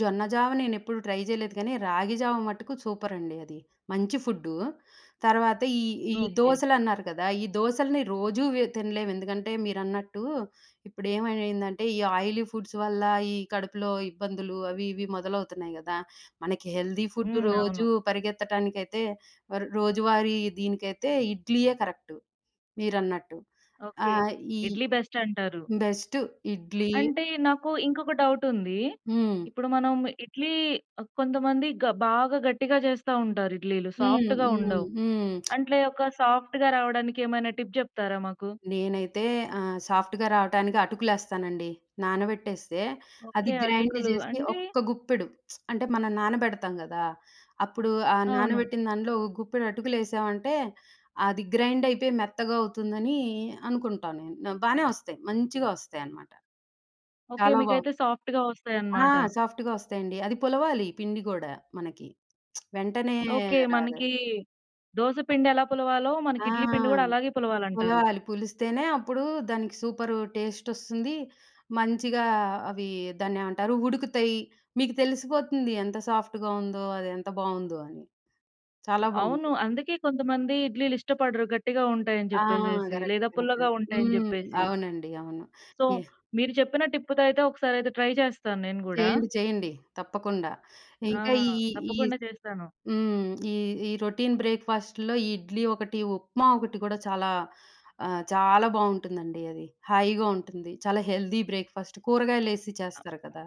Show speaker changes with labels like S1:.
S1: జొన్న జావ నేనెప్పుడు ట్రై జేయలేదు కానీ రాగి జావ మట్టుకు సూపరండి అది. మంచి ఫుడ్డు తర్వాత ఈ ఈ
S2: ఓకే.
S1: దోసలన్నారు కదా! ఈ దోసల్ని రోజు వె తినలేము. ఎందుకంటే మీరన్నట్టు ఇప్పుడు ఏమైందంటే ఈ ఆయిలీ ఫుడ్స్ వల్ల ఈ కడుపులో ఇబ్బందులు అవి ఇవి మొదలవుతున్నాయి కదా! మనకి హెల్తీ ఫుడ్
S2: హ్మ్. అవును.
S1: రోజు పరిగెత్తటానికైతే వర్ రోజువారీ దీనికైతే ఇడ్లీయే కరెక్టు మీరన్నట్టు. ఆ
S2: ఓకే.
S1: ఈ
S2: ఇడ్లీ బెస్టంటారు.
S1: బెస్టు ఇడ్లీ
S2: అంటే నాకు ఇంకొక డౌటుంది.
S1: హ్మ్.
S2: ఇప్పుడు మనం ఇడ్లీ ఆహ్, కొంతమంది గ బాగా గట్టిగా జేస్తా ఉంటారు ఇడ్లీలు
S1: హ్మ్,
S2: సాఫ్ట్‌గా
S1: హ్మ్,
S2: ఉండవు.
S1: హ్మ్.
S2: అంట్లే ఒక సాఫ్ట్‌‌గా రావడానికి ఏమైనా టిప్ జెప్తారా మాకు?
S1: నేనైతే ఆహ్, సాఫ్ట్‌గా రావటానికి అటుకులు యేస్తానండి. నానబెట్టేస్తే అది
S2: ఓకే.
S1: గ్రైండ్
S2: అటుకులు
S1: జేసి
S2: అంటే
S1: ఒక్క గుప్పెడు అంటే మనం నానబెడతాం గదా! అప్పుడు ఆ
S2: అవును.
S1: నానబెట్టిన దాంట్లో ఒక గుప్పెడు అటుకులేసామంటే అది గ్రైండైతే మెత్తగా అవుతుందని అనుకుంటా నేను. న బానే ఒస్తాయి. మంచిగొస్తాయి అన్నమాట.
S2: ఓకే.
S1: చాలా బావు
S2: మీకైతే సాఫ్ట్‌గా
S1: ఆ!
S2: ఒస్తాయన్నమాట.
S1: సాఫ్ట్‌గొస్తాయండి. అది పులవాలి. పిండి గూడా మనకి. వెంటనే
S2: ఓకే.
S1: రాదు.
S2: మనకి దోస పిండి ఎలా పులవాలో మనకి
S1: ఆ!
S2: ఇడ్లీ పిండి కూడా అలాగే పులవాలంటారు.
S1: పులవాలి పులిస్తేనే అప్పుడు దానికి సూపరు టెస్టొస్తుంది. మంచిగా అవి దాన్నేమంటారు ఉడుకుతాయి. మీకు తెలిసిపోతుంది. ఎంత సాఫ్ట్‌గా ఉందో అది ఎంత బావుందో. అని చాలా
S2: అవును.
S1: బావుంటుంది.
S2: అందుకే కొంతమంది ఇడ్లీలు ఇష్టపడరు. గట్టిగా ఉంటాయని
S1: ఆ!
S2: జెప్పేసేసి లేదా
S1: గరెక్టండి
S2: పుల్లగా ఉంటాయని
S1: హ్మ్.
S2: జెప్పేసి.
S1: అవునండి. అవును.
S2: So
S1: yeah!
S2: మీరు చెప్పిన టిప్‌తో అయితే ఒకసారి ట్రై చేస్తాను నేను గూడా.
S1: చేయండి. చేయండి. తప్పకుండా
S2: ఆ
S1: ఇంకా ఈ ఈ
S2: తప్పకుండా చేస్తాను.
S1: హ్మ్. ఈ ఈ రొటీన్ బ్రేక్‌ఫాస్ట్‌లో ఇడ్లీ ఒకటి, ఉప్మా ఒకటి గూడా చాలా అహ్, చాలా బావుంటుందండి. అది హాయిగా ఉంటుంది. చాలా హెల్తీ బ్రేక్‌ఫాస్ట్ కూరగాయలు యేసి చేస్తారు కదా!